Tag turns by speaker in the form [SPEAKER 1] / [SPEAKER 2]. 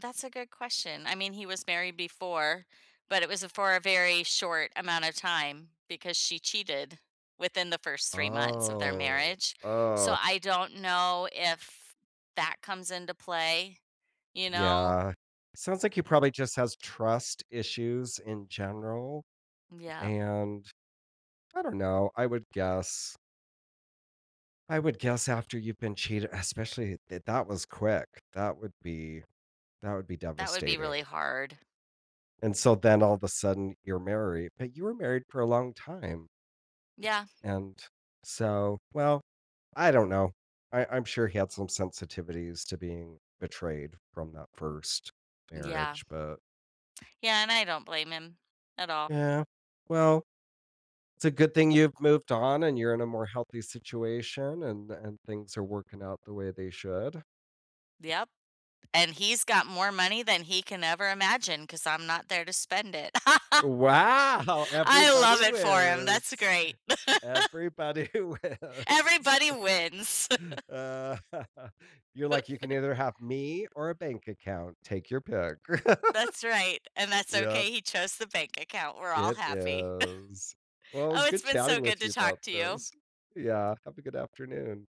[SPEAKER 1] That's a good question. I mean, he was married before, but it was a for a very short amount of time because she cheated within the first 3 months of their
[SPEAKER 2] Oh,
[SPEAKER 1] marriage. So,
[SPEAKER 2] oh.
[SPEAKER 1] I don't know if that comes into play, you know?
[SPEAKER 2] Yeah, sounds like he probably just has trust issues in general,
[SPEAKER 1] Yep.
[SPEAKER 2] and, I don't know, I would guess I would guess after you've been cheate especially, th that was quick, that would be that would be
[SPEAKER 1] That would be really
[SPEAKER 2] devastating.
[SPEAKER 1] hard.
[SPEAKER 2] And so, then all the sudden you're married, but you were married for a long time.
[SPEAKER 1] Yeah.
[SPEAKER 2] And, so, well, I don't know. I I'm sure he had some sensitivities to being betrayed from that 1st
[SPEAKER 1] Yeah.
[SPEAKER 2] marriage, but
[SPEAKER 1] Yeah, and I don't blame him at all.
[SPEAKER 2] Yeah, well, it's a good thing you've moved on and you're in a more healthy situation and and things are working out the way they should.
[SPEAKER 1] Yep, and he's got more money than he can ever imagine 'cause I'm not there to spend it.
[SPEAKER 2] Wow!
[SPEAKER 1] I love
[SPEAKER 2] Everybody
[SPEAKER 1] it for him, that's
[SPEAKER 2] wins,
[SPEAKER 1] great.
[SPEAKER 2] everybody wins.
[SPEAKER 1] Everybody wins.
[SPEAKER 2] Uh. You're like, "You can either have me or a bank account, take your pick."
[SPEAKER 1] That's right, and that's
[SPEAKER 2] Yep.
[SPEAKER 1] okay. He chose the bank account, we're all
[SPEAKER 2] It
[SPEAKER 1] happy.
[SPEAKER 2] is. Well, it
[SPEAKER 1] Oh,
[SPEAKER 2] was
[SPEAKER 1] it's
[SPEAKER 2] good
[SPEAKER 1] been so
[SPEAKER 2] chatting
[SPEAKER 1] good
[SPEAKER 2] with
[SPEAKER 1] to
[SPEAKER 2] you
[SPEAKER 1] talk
[SPEAKER 2] about
[SPEAKER 1] to you.
[SPEAKER 2] this. Yeah, have a good afternoon.